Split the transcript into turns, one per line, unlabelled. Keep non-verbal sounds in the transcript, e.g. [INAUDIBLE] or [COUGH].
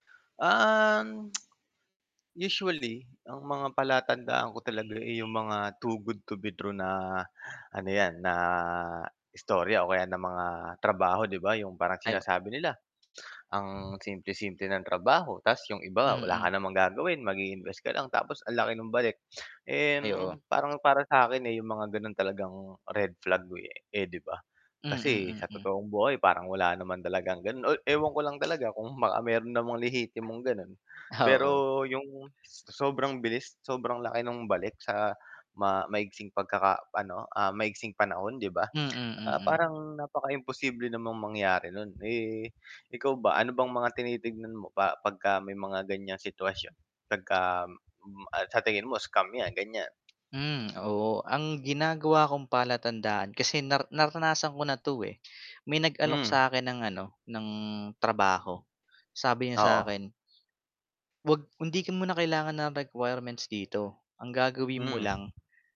Um, [TSK] usually ang mga palatandaan ko talaga, eh, 'yong mga too good to be true na ano 'yan, na istorya o kaya ng mga trabaho 'di ba, 'yong parang
Ay, o
sinasabi nila, [GASPS] ang simple-simple ng trabaho tapos 'yong iba wala ka
Mm.
namang gagawin mag-i-invest ka lang tapos ang laki ng balik. [GASPS] And
Ay, oo.
parang para sa'kin, eh, yung mga gano'n talagang red flag, eh, eh, 'di ba? Kasi
Mm,
sa
mm.
totoong buhay parang wala naman talagang gano'n o ewan ko lang talaga kung baka mayro'n namang lihitimong gano'n.
Oo.
Pero yung so sobrang bilis, sobrang laki ng balik sa ma maiksing pagkaka ano, ah, maiksing panahon 'di ba,
Mm,
[CLICKS TONGUE] ah,
mm.
parang napaka imposible namang mangyari no'n, eh, ikaw ba ano bang mga tinitignan mo pa pagka may mga ganyang sitwasyon pagka m sa tingin mo scam yan, gan'yan?
Hmm, oo ang ginagawa kong palatandaan kasi nar naranasan ko na 'to, eh, may nag-alok
Hmm.
sa akin ng ano, ng trabaho, sabi niya sa
Oo.
akin 'wag kung hindi mo na kailangan ng requirements dito, ang gagawin mo
Hmm.
lang